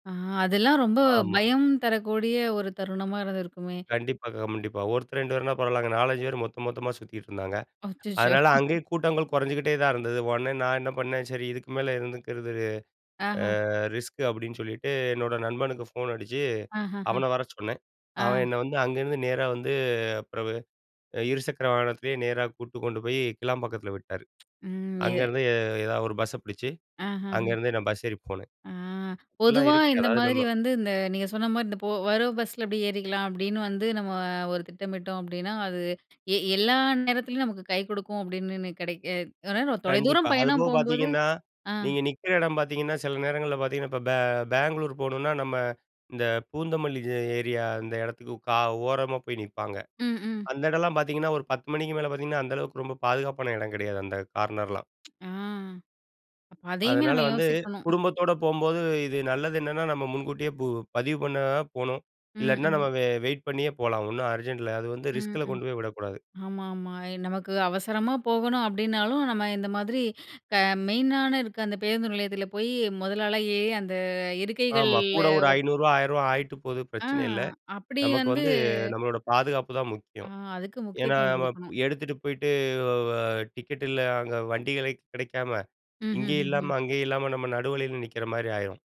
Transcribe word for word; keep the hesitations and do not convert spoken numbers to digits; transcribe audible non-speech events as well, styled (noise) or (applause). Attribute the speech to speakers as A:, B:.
A: ஆ அதெல்லாம் ரொம்ப
B: ஆமா.
A: பயம் தரக்கூடிய ஒரு தருணமா இருந்திருக்குமே!
B: கண்டிப்பா, கண்டிப்பா. ஒருத்தர், ரெண்டு பேர்னா பரவாயில்லங்க. நாலஞ்சு பேர் மொத்தம், மொத்தமா சுத்திட்டு இருந்தாங்க.
A: அச்சச்சோ!
B: அதனால அங்கயே
A: (snorts)
B: கூட்டங்கள் கொறைஞ்சுகிட்டே தான் இருந்தது. உடனே நான் என்ன பண்ணேன் "சரி, இதுக்கு மேல இருந்துக்கிறது
A: ஆஹா!
B: அ ரிஸ்க்" அப்பிடின்னு சொல்லிட்டு, என்னோட நண்பனுக்கு ஃபோன் அடிச்சு
A: ஆஹஹ!
B: அவன வர சொன்னேன்.
A: ஆ.
B: அவன் என்ன வந்து அங்கருந்து நேரா வந்து பிறவு அ இருசக்கர வாகனத்திலேயே நேரா கூட்டு கொண்டு போய் கிளாம்பாக்கத்தில விட்டாரு.
A: ம். இது
B: அங்கேருந்து எ எதாவது ஒரு பஸ்ஸ பிடிச்சு
A: ஆஹஹ.
B: அங்கேருந்து நான் பஸ் ஏறி போனேன்.
A: ஆ
B: எல்லாம்
A: பொதுவா
B: இருக்கு.
A: இந்த
B: அதாவது நம்ம
A: மாதிரி வந்து இந்த நீங்க சொன்னமாரி, இந்த போ வர்ற பஸ்ல இப்படி ஏறிக்கலாம். அப்பிடின்னு வந்து நம்ம ஒரு திட்டமிட்டோம் அப்பிடின்னா, அது எ எல்லா நேரத்துலயும் நமக்கு கை கொடுக்கும் அப்பிடினுன்னு ,கிடைக்க அ
B: கண்டிப்பா.
A: தொலைதூரம்
B: அது
A: பயணம்
B: போக
A: போம்போது
B: பார்த்தீங்கன்னா,
A: ஆ.
B: நீங்க நிக்கிற எடம் பார்த்தீங்கன்னா, சில நேரங்கள்ல பார்த்தீங்கன்னா, இப்ப பெ பெங்களூர் போணுனா நம்ம இந்த பூந்தமல்லி ஏ ஏரியா அந்த எடத்துக்கு க ஓரமா போய் நிப்பாங்க
A: ம், ம்.
B: அந்த எடல்லாம் பார்த்தீங்கன்னா, ஒரு பத்து மணிக்கு மேலே பார்த்தீங்கன்னா அந்த அளவுக்கு ரொம்ப பாதுகாப்பான எடம் கெடையாது அந்த கார்னர்லாம்.
A: ஆ. அதையுமே
B: அதனால
A: நம்ம
B: வந்து
A: யோசிக்கணும்.
B: குடும்பத்தோட போம்போது இது நல்லது என்னென்னா, நம்ம முன்கூட்டியே பு பதிவு பண்ண போணும்.
A: ம்,
B: இல்லாட்டின்னா நம்ம
A: ம்.
B: வெ வெயிட் பண்ணியே போலாம். ஒன்னும் அர்ஜென்ட் இல்ல. அது வந்து
A: ம்
B: ரிஸ்க்ல
A: ம்.
B: கொண்டு போய் விடக்கூடாது.
A: ஆமா ஆமா. அ நமக்கு அவசரமா போகணும் அப்பிடினாலும் நம்ம இந்த மாதிரி க மெயினான இருக்க அந்த பேருந்து நிலையத்தில போய் முதல் ஆளா ஏறி அந்த
B: ஆமா.
A: இருக்கைகள்ல
B: கூட ஒரு ஐநூறு ரூபாய், ஆயிரம் ரூபாய் ஆயிட்டு போது
A: ஆ
B: பிரச்சனை இல்ல.
A: அப்பிடி
B: நமக்கு
A: வந்து
B: வந்து நம்மளோட பாதுகாப்பு தான்
A: ஆ
B: முக்கியம்.
A: அதுக்கு
B: ஏன்னா
A: முக்கியத்துவம்
B: நம்ம
A: கொடுக்கணும்.
B: எடுத்துட்டு போயிட்டு அ வ டிக்கெட் இல்ல அங்க வண்டிகளே கெடைக்காம,
A: ம், ம்,
B: இங்கேயும்
A: ம், ம்.
B: இல்லாம அங்கேயும் இல்லாம நம்ம நடுவழியில நிக்கிறமாரி ஆயிரும்.